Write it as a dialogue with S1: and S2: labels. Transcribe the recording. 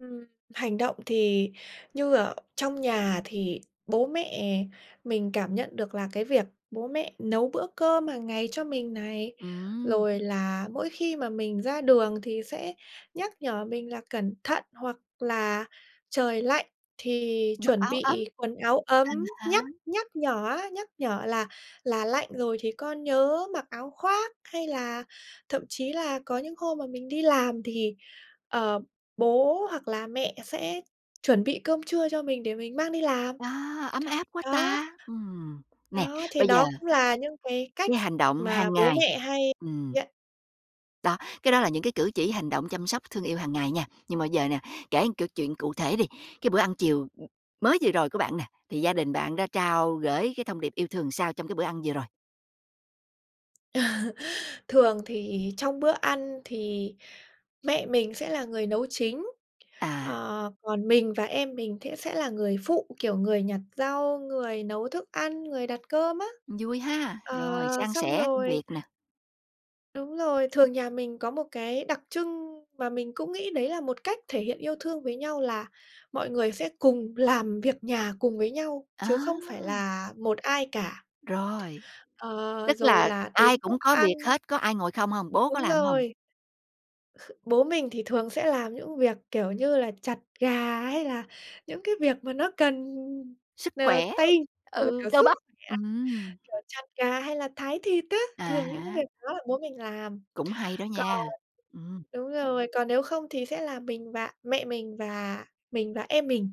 S1: Ừm, hành động thì như ở trong nhà thì bố mẹ mình cảm nhận được là cái việc bố mẹ nấu bữa cơm hàng ngày cho mình này.
S2: Ừm.
S1: Rồi là mỗi khi mà mình ra đường thì sẽ nhắc nhở mình là cẩn thận, hoặc là trời lạnh thì
S2: Mặc
S1: chuẩn
S2: áo ấm.
S1: bị quần áo
S2: À
S1: ấm,
S2: há.
S1: nhắc nhắc nhở á nhắc nhở là là lạnh rồi thì con nhớ mặc áo khoác. Hay là thậm chí là có những hôm mà mình đi làm thì, ờ, bố hoặc là mẹ sẽ chuẩn bị cơm trưa cho mình để mình mang đi làm.
S2: A, ấm áp quá
S1: Đó.
S2: ta! Ừm, nè,
S1: Đó, thì
S2: bây giờ
S1: đó cũng là những cái cách
S2: cái hành động
S1: mà
S2: hàng
S1: bố
S2: ngày
S1: mẹ hay
S2: ừm.
S1: nhận.
S2: Đó, cái đó là những cái cử chỉ, hành động chăm sóc thương yêu hàng ngày nha, nhưng mà giờ nè, kể câu chuyện cụ thể đi. Cái bữa ăn chiều, ừm, mới vừa rồi của bạn nè, thì gia đình bạn đã trao gởi cái thông điệp yêu thương sao trong cái bữa ăn vừa rồi?
S1: Thường thì trong bữa ăn thì mẹ mình sẽ là người nấu chính,
S2: À.
S1: ờ, còn mình và em mình sẽ sẽ là người phụ, kiểu, người nhặt rau, người nấu thức ăn, người đặt cơm á.
S2: Vui ha! Rồi,
S1: Ờ,
S2: san
S1: xong
S2: sẻ công
S1: rồi
S2: việc nè.
S1: Đúng rồi, thường nhà mình có một cái đặc trưng mà mình cũng nghĩ đấy là một cách thể hiện yêu thương với nhau là mọi người sẽ cùng làm việc nhà cùng với nhau chứ không phải
S2: À!
S1: là một ai cả.
S2: Rồi.
S1: Ờ,
S2: Tức
S1: rồi
S2: là
S1: là
S2: ai
S1: đến bữa
S2: cũng có việc
S1: ăn
S2: hết, có ai ngồi không hông? Bố có
S1: Đúng
S2: làm hông?
S1: rồi, bố mình thì thường sẽ làm những việc kiểu như là chặt gà hay là những cái việc mà nó cần
S2: Sức
S1: n
S2: khỏe,
S1: tay là,
S2: ừ,
S1: kiểu,
S2: cơ
S1: sức
S2: bắp,
S1: khỏe,
S2: ừm.
S1: kiểu chặt gà hay là thái thịt á,
S2: À
S1: thường những cái
S2: há.
S1: việc đó bố mình làm.
S2: Cũng hay đó
S1: Còn
S2: nha, ừm.
S1: đúng rồi, còn nếu không thì sẽ là mình và mẹ mình, và mình và em mình.